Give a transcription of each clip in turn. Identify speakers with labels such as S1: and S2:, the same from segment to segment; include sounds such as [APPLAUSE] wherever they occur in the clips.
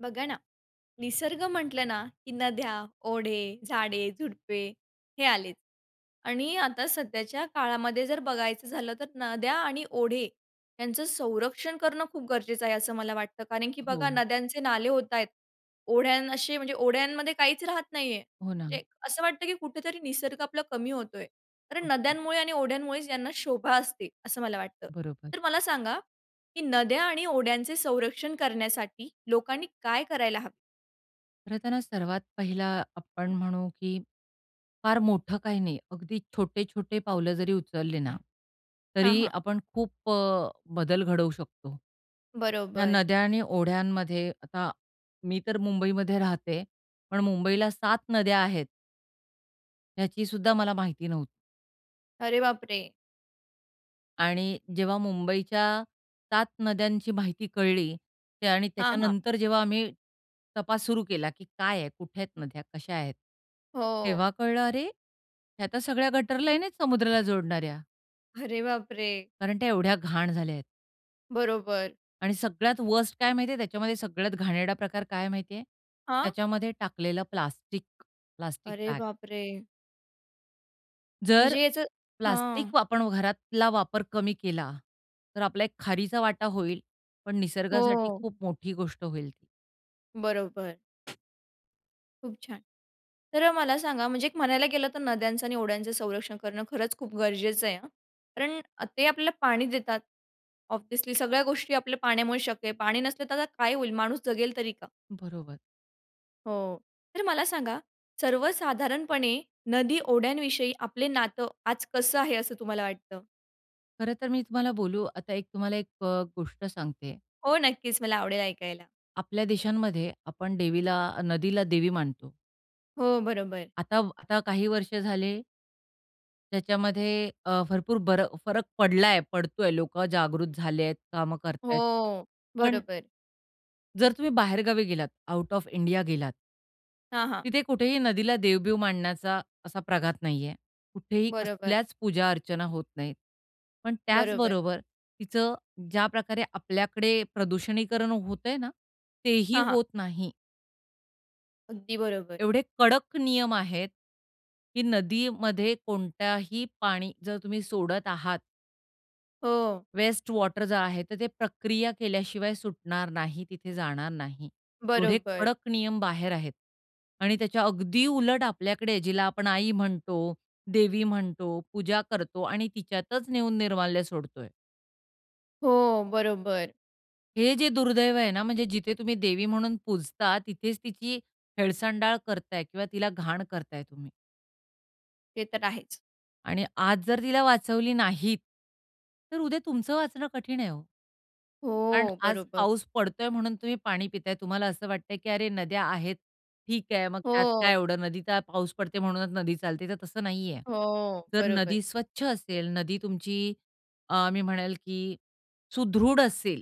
S1: बघा ना, निसर्ग म्हटलं ना, की नद्या, ओढे, झाडे, झुडपे हे आलेच आणि आता सध्याच्या काळामध्ये जर बघायचं झालं, तर नद्या आणि ओढे यांचं संरक्षण करणं खूप गरजेचं आहे असं मला वाटतं कारण की बघा
S2: हो.
S1: नद्यांचे नाले होता आहेत. ओढ्यां असे म्हणजे ओढ्यांमध्ये काहीचं राहत नाही आहे.
S2: हो
S1: म्हणजे
S2: ना.
S1: असं वाटतं की कुठेतरी निसर्ग आपला कमी होतो आहे कारण
S2: ओके.
S1: नद्यांमुळे आणि ओढ्यांमुळेचं यांना शोभा असते, असं मला वाटतं.
S2: बरोबर.
S1: तर मला सांगा, की नद्या आणि ओढ्यांचे संरक्षण करण्यासाठी लोकांनी काय करायला हवे?
S2: खरंतर हा सर्वात पहिला आपण म्हणू की फार मोठं काही नाही. अगदी छोटे-छोटे पावलं जरी उचलली ना,
S1: हां,
S2: तरी
S1: हां.
S2: आपण खूप अ, बदल घडवू शकतो, ह्या
S1: बरोबर.
S2: नद्या आणि ओढ्यांमध्ये. आता मी तर मुंबईमध्ये राहते, पण मुंबईला 7 नद्या आहेत ह्याचीसुद्धा मला माहिती नव्हती.
S1: अरे बापरे!
S2: आणि जेव्हा मुंबईच्या 7 नद्यांची माहिती कळली. त्या आणि
S1: हां, हां.
S2: त्याच्यानंतर जेव्हा आम्ही तपास सुरू केला, की काय आहे? कुठे आहेत नद्या? कशा आहेत?
S1: हो.
S2: तेव्हा कळलं "अरे, ह्या तर सगळ्या गटर लाईन आहेत समुद्राला जोडणाऱ्या."
S1: अरे बापरे!
S2: कारण त्या एवढ्या घाण झाल्या आहेत.
S1: बरोबर.
S2: आणि सगळ्यात वर्स्ट काय माहिती आहे त्याच्यामध्ये? सगळ्यात घाणेरडा प्रकार काय आहे माहिती आहे?
S1: हां?
S2: त्याच्यामध्ये टाकलेलं प्लास्टिक, प्लास्टिक
S1: अरे
S2: बॅग.
S1: बापरे!
S2: जर
S1: म्हणजे याचं हां.
S2: प्लास्टिक वापण घरातला वापर कमी केला, तर आपला एक खारीचा वाटा होईल पण निसर्गासाठी
S1: हो.
S2: खूप मोठी गोष्ट होईल ती.
S1: बरोबर. खूप छान. तर अ, मला सांगा? म्हणजे एक म्हणायला गेलं तर नद्यांचं आणि ओढयांचं संरक्षण करणं खरंच खूप गरजेचं आहे हं. कारण अ, ते आपल्याला पाणी देतात. ऑब्व्हियसली सगळ्या गोष्टी आपल्या पाण्यामुळे शक्य आहे. पाणी नसले तर, आता काय होईल? माणूस जगेल तरी का?
S2: बरोबर.
S1: हो. तर मला सांगा, सर्वसाधारणपणे नदी, ओढ्यांविषयी आपलं नातं आज कसं आहे, असं तुम्हाला वाटतं?
S2: खरंतर, मी तुम्हाला बोलू, आता एक, तुम्हाला एक अ, गोष्ट सांगते आहे.
S1: हो नक्कीच, मला आवडेल ऐकायला.
S2: आपल्या देशांमध्ये आपण देवीला नदीला देवी मानतो.
S1: हो, बरोबर.
S2: आता आता काही वर्ष झाले त्याच्यामध्ये अ, भरपूर बर फरक पडला आहे, पडतो आहे, लोकं जागृत झाले आहेत, कामं करत आहेत
S1: हो,
S2: पण
S1: बरोबर.
S2: जर तुम्ही बाहेर गावी गेलात, आउट ऑफ इंडिया गेलात
S1: हां, हां.
S2: तिथे कुठेही नदीला देव-बिव मानण्याचा असा प्रघात नाहीये. कुठेही
S1: बरोबर.
S2: कसल्याच पूजा-अर्चना होत नाहीत. पण त्याच
S1: बरोबर.
S2: बरोबर तिचं ज्या प्रकारे आपल्याकडे प्रदूषणीकरण होतंय ना, तेही
S1: हां, हां.
S2: होत नाही.
S1: अगदी बरोबर.
S2: एवढे कडक नियम आहेत, की नदीमध्ये कोणत्याही पाणी जर तुम्ही सोडत आहात
S1: हो.
S2: वेस्ट वॉटर जो आहे, तर ते प्रक्रिया केल्याशिवाय सुटणार नाही, तिथे जाणार नाही. एवढे
S1: बरोबर.
S2: कडक नियम बाहेर आहेत आणि त्याच्या अगदी उलट आपल्याकडे, जिला आपण आई म्हणतो, देवी म्हणतो, पूजा करतो आणि तिच्यातच नेऊन निर्माल्य सोडतोय.
S1: हो, बरोबर.
S2: हे जे दुर्दैव आहे ना, म्हणजे जिथे तुम्ही देवी म्हणून पूजता, तिथेच तिची हेळसांडाळ करताय किंवा तिला घाण करताय तुम्ही.
S1: ते तर आहेच.
S2: आणि आज जर तिला वाचवली नाहीत, तर उद्या तुमचं वाचणं कठीण आहे हो. कारण
S1: हो,
S2: आज
S1: बरोबर.
S2: पाऊस पडतोय म्हणून तुम्ही पाणी पिताय. तुम्हाला असं वाटतंय, की "अरे! नद्या आहेत, ठीक आहे, मग त्यात काय
S1: हो.
S2: एवढं? नदीचा पाऊस पडते म्हणूनच नदी चालते," तर तसं नाही आहे.
S1: हो,
S2: जर
S1: बरोबर.
S2: नदी स्वच्छ असेल, नदी तुमची अ, मी म्हणेल की सुदृढ असेल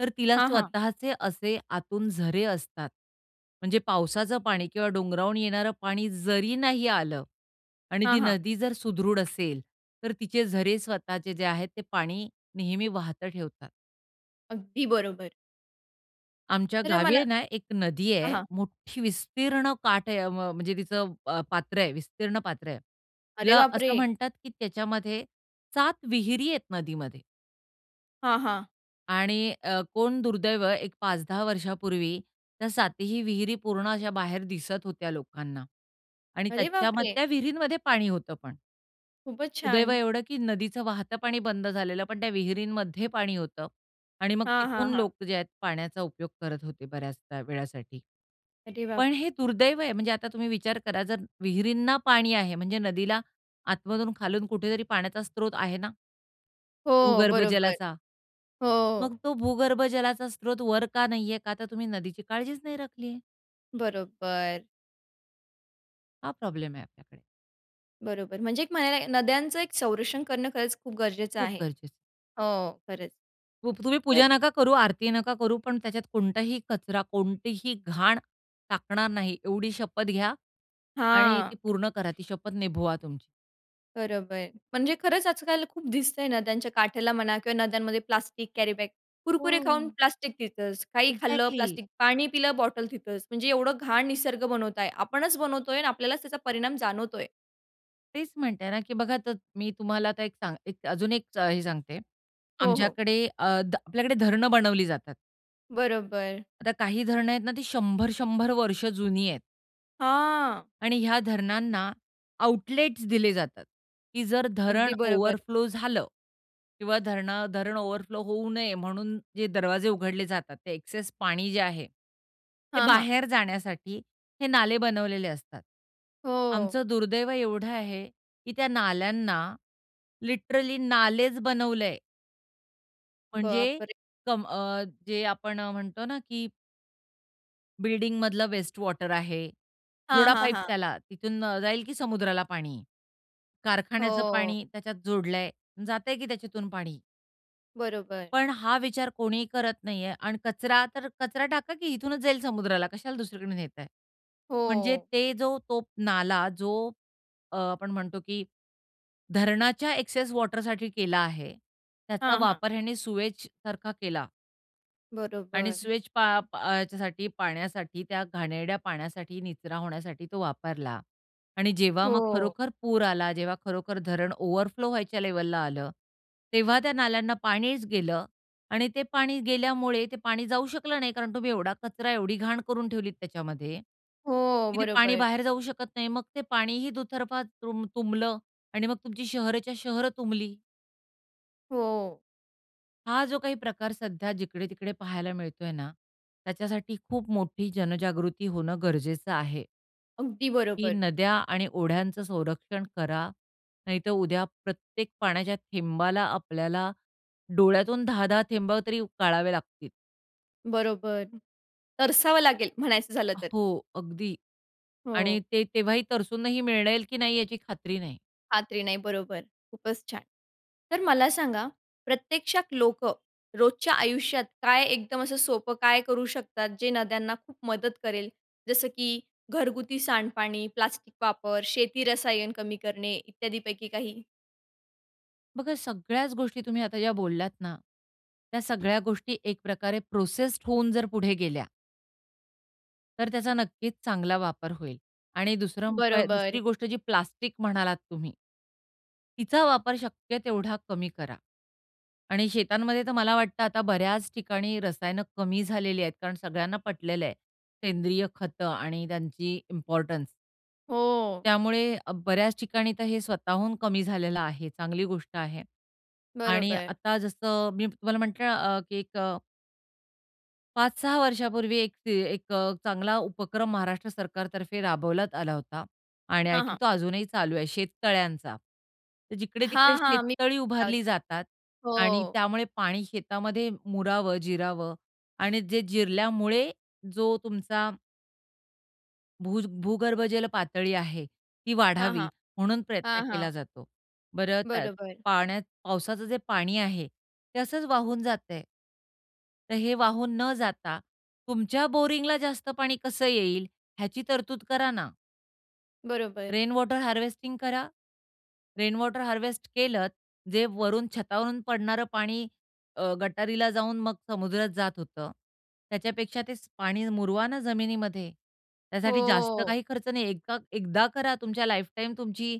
S2: तर तिला
S1: हां, हां.
S2: स्वतःचे असे आतून झरे असतात. म्हणजे पावसाचं पाणी किंवा डोंगरावून येणारं पाणी जरी नाही आलं आणि
S1: हां,
S2: ती
S1: हां.
S2: नदी जर सुदृढ असेल, तर तिचे झरे स्वतःचे जे आहेत ते पाणी नेहमी वाहतं ठेवतात.
S1: अगदी बरोबर.
S2: आमच्या
S1: तर अ,
S2: गावी
S1: मला
S2: आहे ना एक नदी
S1: हां,
S2: आहे.
S1: हां.
S2: मोठी विस्तीर्ण काठ आहे. अवं म्हणजे तिचं अ, पात्र आहे, विस्तीर्ण पात्र आहे.
S1: अरे
S2: तिला असं
S1: बापरे!
S2: म्हणतात की त्याच्यामध्ये, 7 विहिरी आहेत नदीमध्ये
S1: हां, हां.
S2: आणि अ, कोण दुर्दैव, एक 5-10 वर्षापूर्वी त्या 7 ही विहिरी पूर्ण अशा बाहेर दिसत होत्या लोकांना आणि
S1: अरे
S2: त्याच्याम
S1: बापरे!
S2: त्या विहिरीमध्ये पाणी होतं पण.
S1: खूपच
S2: सुदैव
S1: छान.
S2: एवढं की नदीचं वाहतं पाणी बंद झालेलं, पण त्या विहिरींमध्ये पाणी होतं आणि मग
S1: हां, हां,
S2: तिथून
S1: हां.
S2: लोक जे आहेत पाण्याचा उपयोग करत होते बऱ्याच त्या वेळासाठी.
S1: अरे बाप
S2: पण हे दुर्दैव आहे. म्हणजे आता तुम्ही विचार करा जर विहिरींना पाणी आहे, म्हणजे नदीला आतमधून खालून कुठेतरी पाण्याचा स्त्रोत आहे ना?
S1: हो,
S2: भूगर्भ
S1: बरोबर.
S2: जलाचा? मग
S1: हो.
S2: तो भूगर्भ जलाचा स्त्रोत वर का नाही आहे? का तर तुम्ही नदीची काळजीच नाही राखली आहे.
S1: बरोबर.
S2: हा प्रॉब्लेम आहे आपल्याकडे.
S1: बरोबर. म्हणजे एक म्हणायला लागेल नद्यांचं एक संरक्षण करणं खरंच खूप गरजेचं
S2: खूप
S1: आहे.
S2: गरजेचं आहे.
S1: हो, खरंच.
S2: खूप, तुम्ही
S1: तर
S2: पूजा नका करू, आरती नका करू, पण त्याच्यात कोणताही कचरा, कोणतीही घाण टाकणार नाही एवढी शपथ घ्या आणि ती
S1: हां.
S2: पूर्ण करा. ती शपथ निभवा तुमची.
S1: बरोबर. म्हणजे खरंच आज-काल खूप दिसतं आहे नद्यांच्या काठेला म्हणा किंवा नद्यांमध्ये प्लास्टिक कॅरीबॅग, कुरकुरे खाऊन
S2: हो.
S1: प्लास्टिक तिथंच. काही खाल्लं
S2: एक्झॅक्टली.
S1: प्लास्टिक, पाणी पिलं बॉटल तिथंच. म्हणजे एवढं घाण निसर्ग बनवता आहे. आपणच बनवतो आहे आणि आपल्यालाच त्याचा परिणाम जाणवतो आहे.
S2: तेचं म्हणते ना, की बघा त मी तुम्हाला आता एक सांग एक अजून एक हे सांगते.
S1: हो, हो.
S2: आमच्याकडे अ, ध आपल्याकडे धरणं बनवली जातात.
S1: बरोबर.
S2: आता काही धरणं आहेत ना, ती 100-100 वर्ष जुनी आहेत.
S1: हां.
S2: आणि ह्या धरणांना आउटलेट्स दिले जातात की जर धरणं
S1: अगदी बरोबर.
S2: ओव्हरफ्लो झालं किंवा धरणा धरणं ओव्हरफ्लो होऊ नये, म्हणून जे दरवाजे उघडले जातात. ते एक्सेस पाणी जे आहे, ते
S1: हां, हां.
S2: बाहेर जाण्यासाठी हे नाले बनवलेले असतात.
S1: हो.
S2: आमचं दुर्दैव एवढं आहे, की त्या नाल्यांना लिटरली नालेचं बनवलं आहे. म्हणजे
S1: बापरे!
S2: कम अ, जे आपण म्हणतो ना की बिल्डिंगमधलं वेस्ट वॉटर आहे.
S1: हां,
S2: जोडा
S1: हां,
S2: पाईप
S1: हां.
S2: त्याला, तिथून अ, जाईल की समुद्राला पाणी. कारखान्याचं
S1: हो.
S2: पाणी त्याच्यात जोडलं आहे, जातं आहे की त्याच्यातून पाणी.
S1: बरोबर.
S2: पण हा विचार कोणीही करत नाही आहे आणि कचरा तर कचरा टाका की इथूनच जाईल समुद्राला. कशाला दुसरीकडून नेताय? म्हणजे
S1: हो.
S2: ते जो तो नाला जो अ, आपण म्हणतो की धरणाच्या एक्सेस वॉटरसाठी केला आहे. त्याचा
S1: हां, हां.
S2: वापर ह्याने सीवेजसारखा केला. आणि
S1: बरोबर.
S2: सीवेज पा प ह्याच्यासाठी पाण्यासाठी, त्या घाणेरड्या पाण्यासाठी, निचरा होण्यासाठी, तो वापरला. आणि जेव्हा मग
S1: हो.
S2: खरोखर पूर आला, जेव्हा खरोखर धरण ओव्हरफ्लो व्हायच्या लेव्हलला आलं, तेव्हा त्या नाल्यांना पाणीच गेलं आणि ते पाणी गेल्यामुळे, ते पाणी जाऊ शकलं नाही कारण तुम्ही एवढा कचरा एवढी घाण करून ठेवलीत त्याच्यामध्ये
S1: हो,
S2: की ते पाणी
S1: बरोबर.
S2: बाहेर जाऊ शकत नाही. मग ते पाणीही दुतर्फा तृम्ब तुंबलं आणि मग तुमची शहरच्या शहर तुंबली.
S1: हो.
S2: हा जो काही प्रकार सध्या जिकडे-तिकडे पाहायला मिळतोय ना, त्याच्यासाठी खूप मोठी जनजागृती होणं गरजेचं आहे.
S1: अगदी
S2: की
S1: बरोबर.
S2: नद्या आणि ओढ्यांचं संरक्षण करा, नाहीतर उद्या प्रत्येक पाण्याच्या थेंबाला आपल्याला डोळ्यातून 10-10 थेंबा तरी गाळावे लागतील.
S1: बरोबर. तरसावं लागेल, म्हणायचं झालं तर.
S2: हो, अगदी आणि
S1: हो.
S2: ते तेव्हाही तरसूंनही मिळेल की नाही याची खात्री नाही.
S1: खात्री नाही, बरोबर खूपच छान. तर मला सांगा, प्रत्यक्षात लोकं रोजच्या आयुष्यात काय एकदम असं सोपं, काय करू शकतात जे नद्यांना खूप मदत करेल. जसं की घरगुती सांडपाणी, प्लास्टिक वापर, शेती रसायन कमी करणे, इत्यादीपैकी काही?
S2: बघा सगळ्याच गोष्टी तुम्ही आता ज्या बोललात ना, त्या सगळ्या गोष्टी एक प्रकारे प्रोसेस्ड होऊन जर पुढे गेल्या तर त्याचा नक्कीच चांगला वापर होईल आणि 2रा उपाय 2री
S1: बरोबर.
S2: गोष्ट जी प्लास्टिक म्हणालात तुम्ही तिचा वापर शक्य तेवढा कमी करा आणि शेतांमध्ये तर मला वाटतं, आता बऱ्याच ठिकाणी रसायन कमी झालेली आहेत. कारण सगळ्यांना पटलेलं आहे, सेंद्रिय खतं आणि त्यांची इम्पोर्टन्स.
S1: हो.
S2: त्यामुळे अ, बऱ्याच ठिकाणी तर हे स्वतःहून कमी झालेलं आहे. चांगली गोष्ट आहे आणि
S1: बरोबर.
S2: आता जसं मी तुम्हाला म्हटलं अ, की एक अ 5-6 वर्षांपूर्वी एक ते एक अ, चांगला उपक्रम महाराष्ट्र सरकारतर्फे राबवण्यात आला होता आणि आय
S1: हां, हां.
S2: थिंक तो अजूनही चालू आहे शेततळ्यांचा. तर जिकडे-तिकडे
S1: हां, हां, मी
S2: शेततळी
S1: पण
S2: उभारली
S1: [UNINTELLIGIBLE]
S2: जातात आणि
S1: हो.
S2: त्यामुळे पाणी शेतामध्ये मुरावं, जिरावं आणि जे जिरल्यामुळे जो तुमचा भुज भूगर्भजल पातळी आहे, ती
S1: हां,
S2: वाढावी
S1: हां.
S2: म्हणून प्रयत्न
S1: हां,
S2: केला
S1: हां.
S2: जातो. बरं त्यात
S1: बरोबर.
S2: पाण्यात पावसाचं जे पाणी आहे, ते असच वाहून जातं आहे. तर हे वाहून न जाता तुमच्या बोरिंगला जास्त पाणी कसं येईल ह्याची तरतूद करा ना?
S1: बरोबर.
S2: रेनवॉटर हार्वेस्टिंग करा. रेनवॉटर हार्वेस्ट केलंत. जे वरून छतावरून पडणारं पाणी अ, गटारीला जाऊन मग समुद्रात जात होतं. त्याच्यापेक्षा ते पाणी मुरवा ना जमिनीमध्ये. त्यासाठी जास्त
S1: हो.
S2: काही खर्च नाही, एकदा एकदा करा. तुमच्या लाईफटाईम तुमची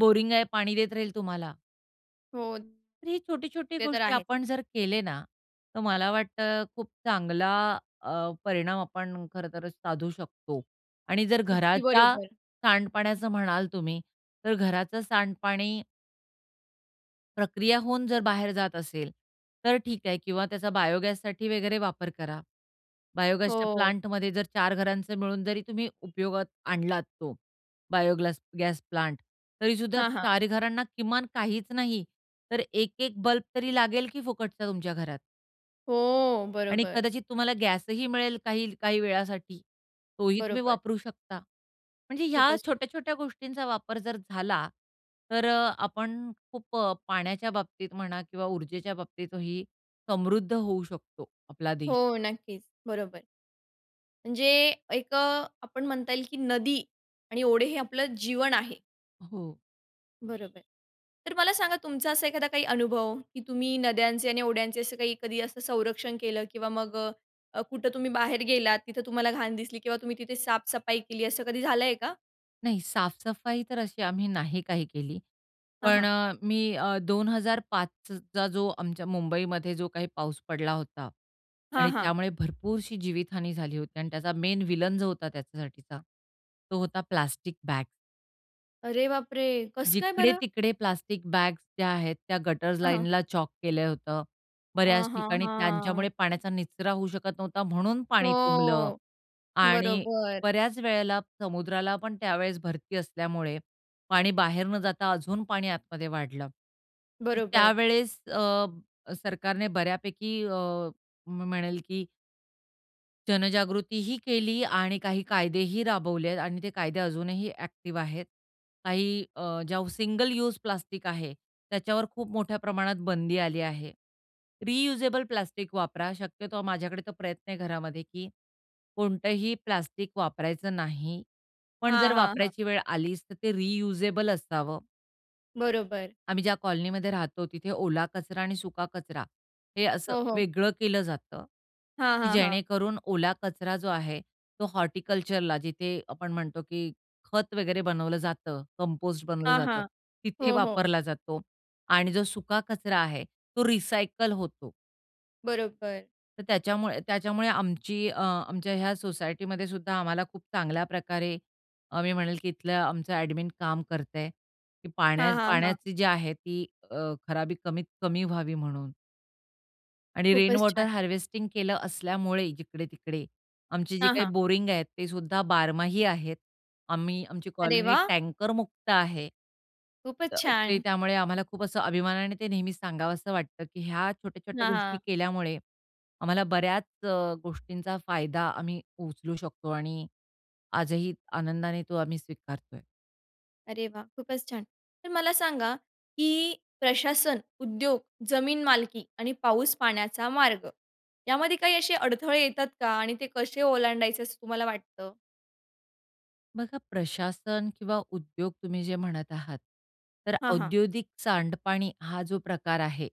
S2: बोरिंग आहे पाणी देत राहील तुम्हाला.
S1: हो.
S2: तर ही छोटी-छोटी
S1: ते तर
S2: गोष्टी
S1: आहे.
S2: आपण जर केले ना, तर मला वाटतं अ, खूप चांगला अ, परिणाम आपण खरंतर साधू शकतो. आणि जर
S1: अगदी
S2: घराच्या
S1: बरोबर.
S2: सांडपाण्याचं म्हणाल तुम्ही, तर घराचं सांडपाणी प्रक्रिया होऊन जर बाहेर जात असेल तर ठीक आहे किंवा त्याचा बायोगॅससाठी वगैरे वापर करा. बायोगॅसच्या
S1: हो.
S2: प्लांटमध्ये जर चार घरांचा मिळून जरी तुम्ही उपयोगात आणलात तो बायोग्लास गॅस प्लांट. तरीसुद्धा
S1: हां, हां.
S2: चार घरांना किमान काहीच नाही, तर 1-1 बल्ब तरी लागेल, की फुकटचा तुमच्या घरात.
S1: हो,
S2: आणि
S1: बरोबर.
S2: कदाचित तुम्हाला गॅस ही मिळेल काही काही वेळासाठी तोही तुम्ही
S1: बरोबर.
S2: वापरू शकता. म्हणजे ह्या
S1: खूपच
S2: छोट्या-छोट्या गोष्टींचा वापर जर झाला तर अ, आपण खूप अ, पाण्याच्या बाबतीत म्हणा किंवा ऊर्जेच्या बाबतीत ही समृद्ध होऊ शकतो, आपला देश.
S1: हो, नक्कीच, बरोबर. म्हणजे एक अ, आपण म्हणता येईल, की नदी आणि ओढे हे आपलं जीवन आहे.
S2: हो.
S1: बरोबर. तर मला सांगा तुमचा असा एखादा काही अनुभव की तुम्ही नद्यांचे आणि ओढ्यांचे असं काही कधी असं संरक्षण केलं किंवा मग अ, कुठं तुम्ही बाहेर गेलात, तिथं तुम्हाला घाण दिसली किंवा तुम्ही तिथे साफसफाई केली असं कधी झालं आहे का?
S2: नाही साफसफाई तर अशी आम्ही नाही काही केली.
S1: हां,
S2: पण
S1: हां.
S2: अ, मी अ, 2005 चा जो आमच्या मुंबईमध्ये जो काही पाऊस पडला होता
S1: हां,
S2: आणि
S1: हां.
S2: त्यामुळे भरपूरशी जीवितहानी झाली होती आणि त्याचा मेन विलेन जो होता त्याच्यासाठीचा तो होता, प्लास्टिक बॅग.
S1: अरे बापरे! कसं काय बरं?
S2: जिकडे-तिकडे प्लास्टिक बॅग्स ज्या आहेत त्या गटर्स
S1: हां, हां.
S2: लाईनला चोक केलं होतं. बऱ्याच
S1: हां, हां,
S2: ठिकाणी त्यांच्यामुळे
S1: हां.
S2: पाण्याचा निचरा होऊ शकत नव्हता म्हणून पाणी तुंबलं
S1: हो,
S2: आणि
S1: बरोबर.
S2: बऱ्याच वेळेला समुद्राला पण त्यावेळेस भरती असल्यामुळे, पाणी बाहेर न जाता अजून पाणी आतमध्ये वाढलं. तर
S1: बरोबर.
S2: त्यावेळेस अ, सरकारने बऱ्यापैकी अ, म्हणेल की जनजागृतीही केली आणि काही कायदेही राबवले आहेत आणि ते कायदे अजूनही ॲक्टिव्ह आहेत. काही अ, ज्या सिंगल यूज प्लास्टिक आहे, त्याच्यावर खूप मोठ्या प्रमाणात बंदी आली आहे. रियुजेबल प्लास्टिक वापरा. शक्यतो माझ्याकडे तर प्रयत्न आहे घरामध्ये, की कोणतंही प्लास्टिक वापरायचं नाही पण जर
S1: हां, हां, हां.
S2: वापरायची वेळ आलीच, तर ते रियुजेबल असावं.
S1: बरोबर.
S2: आम्ही ज्या कॉलनीमध्ये राहतो, तिथे ओला कचरा आणि सुका कचरा हे असं
S1: हो, हो.
S2: वेगळं केलं जातं,
S1: हां,
S2: की
S1: हां, हां.
S2: जेणेकरून ओला कचरा जो आहे तो हॉर्टिकल्चरला जिथे आपण म्हणतो, की खत वगैरे बनवलं जातं, कंपोस्ट बनवलं
S1: हां,
S2: जातं,
S1: हां,
S2: तिथे
S1: हो, हो.
S2: वापरला जातो आणि जो सुका कचरा आहे तो रिसायकल होतो.
S1: बरोबर.
S2: तर त्याच्यामुळे त्याच्यामुळे आमची अ, आमच्या ह्या सोसायटीमध्येसुद्धा आम्हाला खूप चांगल्याप्रकारे अ, मी म्हणेल, की इथलं आमचं ॲडमिन काम करतं आहे की पाण्या
S1: हां, हां, हां.
S2: पाण्याची जी आहे ती अ, खराबी कमीत कमी व्हावी म्हणून. आणि
S1: खूपच
S2: रेनवॉटर
S1: छान.
S2: हार्वेस्टिंग केलं असल्यामुळे जिकडे-तिकडे, आमची जी
S1: हां,
S2: काही
S1: हां.
S2: बोरिंग आहेत, ते सुद्धा बारमाही आहेत. आम्ही आमची
S1: अरे
S2: कॉलनी
S1: वाह!
S2: टँकरमुक्त आहे. अ,
S1: खूपच
S2: ते
S1: छान.
S2: त्यामुळे आम्हाला खूप असं अभिमानाने ते नेहमीच सांगावसं वाटतं, की ह्या छोट्या-छोट्या
S1: हां,
S2: गोष्टी
S1: हां.
S2: केल्यामुळे आम्हाला बऱ्याच अ, गोष्टींचा फायदा आम्ही उचलू शकतो आणि आजही आनंदाने तो आम्ही स्वीकारत आहे.
S1: अरे वा! खूपच छान. तर मला सांगा की प्रशासन, उद्योग, जमीन मालकी आणि पाऊस पाण्याचा मार्ग यामध्ये काही असे अडथळे येतात का आणि ते कसे ओलांडायचे असं तुम्हाला वाटतं?
S2: बघा प्रशासन किंवा उद्योग तुम्ही जे म्हणत आहात तर
S1: हां, हां.
S2: औद्योगिक सांडपाणी हा जो प्रकार आहे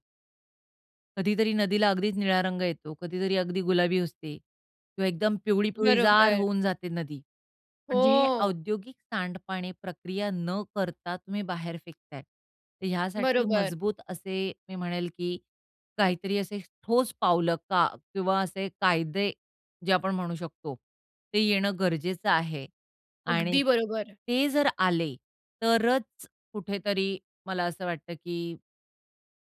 S2: कधीतरी नदीला अगदीच निळा रंग येतो, कधीतरी अगदी गुलाबी असते किंवा एकदम पिवळी-पिवळीजार
S1: बरोबर.
S2: होऊन जाते नदी. म्हणजे हे
S1: हो.
S2: औद्योगिक सांडपाणी प्रक्रिया न करता तुम्ही बाहेर फेकत आहे. तर यासाठी
S1: बरोबर.
S2: मजबूत असे मी म्हणेल, की काहीतरी असे ठोस पावलं का किंवा असे कायदे जे आपण म्हणू शकतो ते येणं गरजेचं आहे आणि
S1: अगदी बरोबर.
S2: ते जर आले तरच कुठेतरी मला असं वाटतं की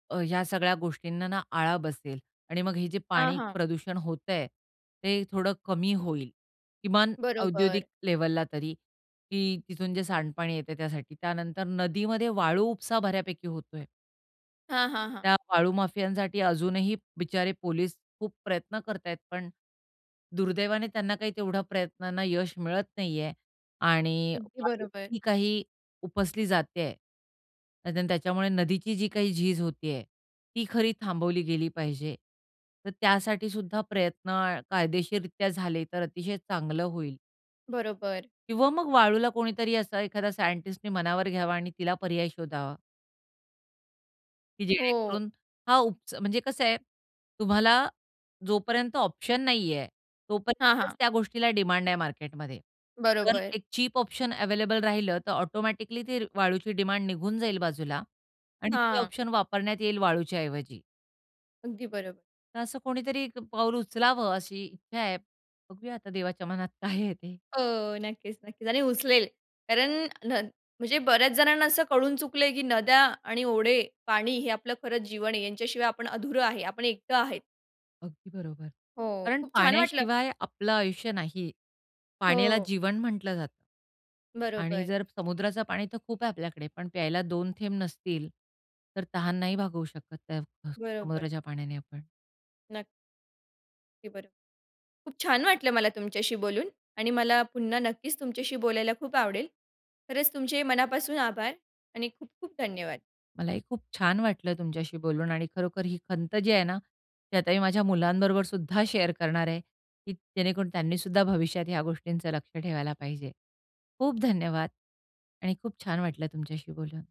S2: अ, ह्या सगळ्या गोष्टींना ना आळा बसेल आणि मग हे जे
S1: हां,
S2: पाणी
S1: हां.
S2: प्रदूषण होतं आहे, ते थोडं कमी होईल. किमान औद्योगिक
S1: बरोबर.
S2: लेव्हलला तरी, की तिथून जे सांडपाणी येतं आहे त्यासाठी. त्यानंतर नदीमध्ये वाळू उपसा बऱ्यापैकी होतं आहे.
S1: हां, हां, हां.
S2: त्या वाळू माफियांसाठी अजूनही बिचारे पोलीस खूप प्रयत्न करत आहेत, पण दुर्दैवाने त्यांना काही तेवढ्या प्रयत्नांना यश मिळत नाही आहे. आणि
S1: अगदी
S2: वाळू [UNINTELLIGIBLE]
S1: बरोबर.
S2: ही काही उपसली जात आहे, अन् त्याच्यामुळे नदीची जी काही झीज होती आहे, ती खरी थांबवली गेली पाहिजे. तर त्यासाठीसुद्धा प्रयत्न कायदेशीररित्या झाले, तर अतिशय चांगलं होईल.
S1: बरोबर.
S2: किंवा मग वाळूला कोणीतरी असं एखादा सायंटिस्टनी मनावर घ्यावा आणि तिला पर्याय शोधावा की
S1: हो.
S2: जेणेकरून हा उपच म्हणजे कसं आहे तुम्हाला जोपर्यंत ऑप्शन नाही आहे,
S1: हां,
S2: तोपर्यंतच
S1: हां.
S2: त्या गोष्टीला डिमांड आहे मार्केटमध्ये. जर
S1: बरोबर.
S2: एक चीप ऑप्शन अवेलेबल राहिलं तर ऑटोमॅटिकली ती वाळूची डिमांड निघून जाईल बाजूला आणि ते
S1: हां.
S2: ऑप्शन वापरण्यात येईल वाळूच्याऐवजी
S1: अगदी बरोबर.
S2: तर असं कोणीतरी एक पाऊल उचलावं अशी इच्छा आहे. बघूया आता देवाच्या मनात काय आहे ते.
S1: हो, नक्कीच, नक्कीच. आणि उचलेल कारण नद म्हणजे बऱ्याच जणांना असं कळून चुकलं आहे की नद्या आणि ओढे, पाणी हे आपलं खरंच जीवन आहे. यांच्याशिवाय आपण अधुरं आहे. आपण एकटं आहेत.
S2: अगदी बरोबर,
S1: हो.
S2: कारण
S1: खूप छान वाटलं
S2: पाण्याशिवाय आपलं आयुष्य नाही. पाण्याला
S1: हो.
S2: जीवन म्हटलं जातं. आणि
S1: बरोबर.
S2: जर समुद्राचं पाणी तर खूप आहे आपल्याकडे, पण प्यायला दोन थेंब नसतील तर तहान नाही भागवू शकत अ,
S1: बरोबर.
S2: समुद्राच्या पाण्याने आपण.
S1: नक्की. अगदी बर खूप छान वाटलं मला तुमच्याशी बोलून आणि मला पुन्हा नक्कीच तुमच्याशी बोलायला खूप आवडेल. खरंच तुमचे मनापासून आभार आणि खूप-खूप धन्यवाद.
S2: मलाही खूप छान वाटलं तुमच्याशी बोलून आणि खरोखर ही खंत जी आहे ना, ती आता मी माझ्या मुलांबरोबर सुद्धा शेअर करणार आहे की जेणेकरून त्यांनी सुद्धा भविष्यात ह्या गोष्टींचं लक्ष ठेवायला पाहिजे. खूप धन्यवाद आणि खूप छान वाटलं तुमच्याशी बोलून.